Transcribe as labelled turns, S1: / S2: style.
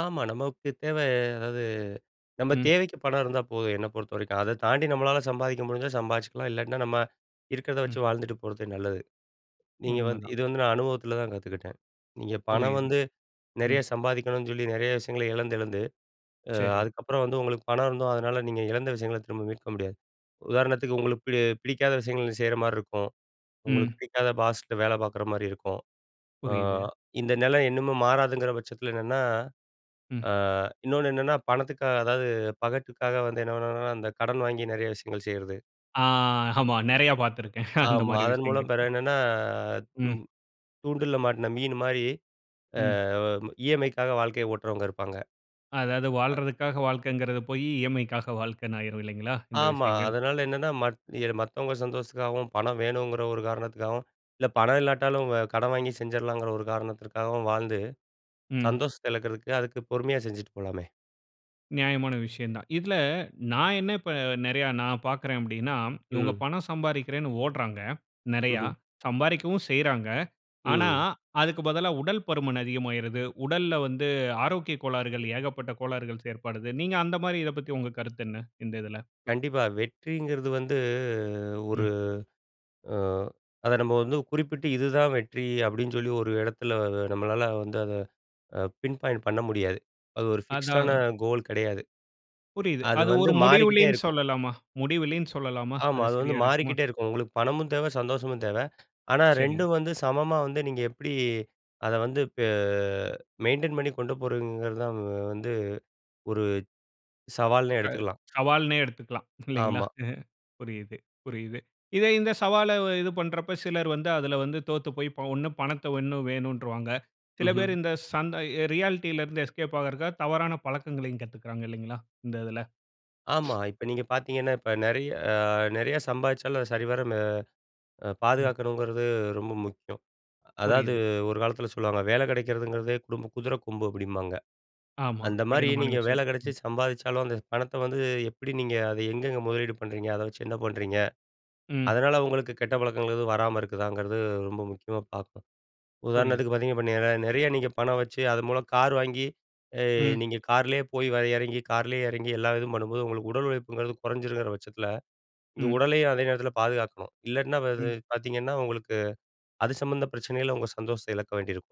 S1: ஆமா, நமக்கு தேவ அதாவது நம்ம
S2: ம்.
S1: தேவைக்கு பணம் இருந்தா போதும், என்ன பொறுத்தவரைக்கும், அத தாண்டி நம்மளால சம்பாதிக்க முடிஞ்சா, சம்பாதிச்சுக்கலாம். இல்லாட்டினா நம்ம, இருக்கிறத வச்சு
S2: ம்.
S1: வாழ்ந்துட்டு போறது நல்லது. நீங்க வந்து
S2: உண்மதான்.
S1: இது வந்து நான் அனுபவத்தில தான் கத்துக்கிட்டேன். நீங்க பணம்
S2: புரியுது.
S1: வந்து நிறைய
S2: ம்.
S1: சம்பாதிக்கணும்னு சொல்லி, நிறைய விஷயங்கள இழந்து இழந்து. அ
S2: சரி.
S1: அதுக்கப்புறம் வந்து உங்களுக்கு பணம் இருந்தும், அதனால நீங்க இழந்த விஷயங்கள திரும்ப மீட்க முடியாது. உதாரணத்துக்கு உங்களுக்கு பி பிடிக்காத விஷயங்கள் செய்ற மாரி இருக்கும். உங்களுக்கு
S2: ம்.
S1: பிடிக்காத பாஸ்ட்ட வேல பார்க்குற மாரி இருக்கும். அ
S2: புரியுது.
S1: இந்த நிலை இன்னுமே மாறாதுங்கிற பட்சத்தில என்னன்னா,
S2: ம்.
S1: அ இன்னொன்னு என்னென்னா, பணத்துக்கா அதாவது பகட்டுக்காக வந்து என்னன்னா, அந்த கடன் வாங்கி நிறைய விஷயங்கள் செய்றது.
S2: அ. ஆமா, நிறைய பார்த்திருக்கிறேன், அந்த
S1: ஆமா,
S2: மாரி
S1: அதன் மூலம்
S2: விஷயங்கள்.
S1: பிறகு என்னன்னா
S2: ம்.
S1: ம். தூண்டில மாட்டின மீன் மாரி, அ
S2: ம்.
S1: இ.எம்.ஐக்காக வாழ்க்கைய ஓட்டுறவங்க இருப்பாங்க.
S2: அதாவது
S1: அ.
S2: வாழறதுக்காக வாழ்க்கங்கிறது போயி, இஎம்ஐக்காக வாழ்க்கைன்னு ஆய்ரும் இல்லைங்களா? இந்த
S1: ஆமா,
S2: விஷயங்கள்?
S1: அதனால என்னன்னா, மத் எ மத்தவங்க சந்தோஷத்துக்காவும், பணம் வேணுங்கிற ஒரு காரணத்துக்காவும், இல்ல பணம் இல்லாட்டாலும் வ கடன் வாங்கி செஞ்சிடலாங்கிற ஒரு காரணத்துக்காவும் வாழ்ந்து,
S2: ம்.
S1: சந்தோஷத்த இழக்கிறதுக்கு, அதுக்கு பொறுமையா செஞ்சுட்டு போலாமே!
S2: நியாயமான விஷயம் தான். இதில நான் என்ன இப்ப நிறைய நான் பார்க்கிறேன் அப்டினா, இவங்க
S1: ம்.
S2: பணம் சம்பாதிக்கிறேன்னு ஓட்றாங்க. நிறைய.
S1: ம்ஹம்.
S2: சம்பாதிக்கவும் செய்றாங்க. ஆனா
S1: ம்.
S2: அதுக்கு பதிலா உடல் பருமன் அதிகமாகிறது. உடல்ல வந்து ஆரோக்கிய கோளாறுகள் ஏகப்பட்ட கோளாறுகள் ஏற்படுது! நீங்க அந்த மாரி இத பத்தி உங்க கருத்து என்ன? இந்த இதில?
S1: கண்டிப்பா, வெற்றிங்கிறது வந்து, ஒரு
S2: ம்.
S1: அ அத நம்ம வந்து குறிப்பிட்டு இதுதான் வெற்றி அப்டின்னு சொல்லி, ஒரு இடத்துல நம்மளால வந்து அத பின் பாயிண்ட் பண்ண முடியாது. அது ஒரு ஃபிக்ஸ்டான
S2: அத
S1: கோல் கிடையாது.
S2: புரியுது.
S1: அது
S2: அது
S1: வந்து
S2: ஒரு
S1: மாறிகிட்டே
S2: முடிவிலினு
S1: இருக்கும்.
S2: சொல்லலாமா முடிவிலினு சொல்லலாமா
S1: ஆமா,
S2: அது
S1: அது வந்து
S2: சரியா இருக்குமா?
S1: மாறிக்கிட்டே இருக்கும். உங்களுக்கு பணமும் தேவ, சந்தோஷமும் தேவ. ஆனா
S2: சரி.
S1: 2ம் வந்து சமமா வந்து நீங்க எப்படி, அத வந்து பெ மெயின்டெயின் பண்ணி, கொண்டு போறங்கிறது தான் வந்து ஒரு சவால்னே
S2: அ இப்ப
S1: எடுத்துக்கலாம்.
S2: சவால்னே எடுத்துக்கலாம். இல்லங்களா?
S1: ஆமா.
S2: அ புரியுது, புரியுது. இத இந்த சவால இது பண்றப்ப சிலர் வந்து அதில வந்து தோத்து போய் ஒண்ணு பணத்த ஒண்ணும் வேணும்னுட்ருவாங்க. சில பேர்
S1: ம்ஹம்.
S2: இந்த சன் ரியாலிட்டில இருந்து எஸ்கேப் ஆகுறதுக்கா தவறான பழக்கங்களையும் கத்துக்கிறாங்க இல்லங்களா? இந்த இதில.
S1: ஆமா, இப்ப நீங்க பார்த்தீங்கன்னா, இப்ப நிறைய அ நிறையா சம்பாரிச்சாலும், சரிவர மெ
S2: ம்.
S1: பாதுகாக்கணுங்கிறது ரொம்ப முக்கியம்! அதாவது
S2: புரியுது.
S1: ஒரு காலத்தில சொல்வாங்க, வேலை கிடைக்கிறதுங்கிறது குடும்ப குதிர கொம்பு அப்டிம்பாங்க.
S2: ஆமா.
S1: அந்த மாரி
S2: கடினமான
S1: நீங்க வேல
S2: விஷயம்!
S1: கிடைச்சி சம்பாரிச்சாலும், அந்த பணத்த வந்து எப்படி நீங்க அத எங்கெங்கே முதலீடு பண்ணுறீங்க? அத வச்சு என்ன பண்ணுறீங்க?
S2: ம்.
S1: அதனால உங்களுக்கு கெட்ட பழக்கங்கள் எதும் வராம இருக்குதாங்கிறது, ரொம்ப முக்கியமா பார்ப்போம்.
S2: புரியுது.
S1: உதாரணத்துக்கு பார்த்தீங்கன்னா இப் நிற நிறைய நீங்க பணம் வச்சு, அது மூலம் கார் வாங்கி, அ
S2: ம்.
S1: நீங்க காரிலேயே போய் வ இறங்கி, கார்லயே இறங்கி எல்லா இதும் பண்ணும்போது, உங்களுக்கு உடல் உழைப்புங்கிறது குறைஞ்சிருங்கிற பட்சத்தில, நீங்க
S2: ம்.
S1: உடலயும் அதே நேரத்தில பாதுகாக்கணும். இல்லாட்டினா பாதி
S2: ம்.
S1: பார்த்தீங்கன்னா உங்களுக்கு, அது சம்மந்த பிரச்சனயில உங்க சந்தோஷத்த இழக்க வேண்டியிருக்கும்!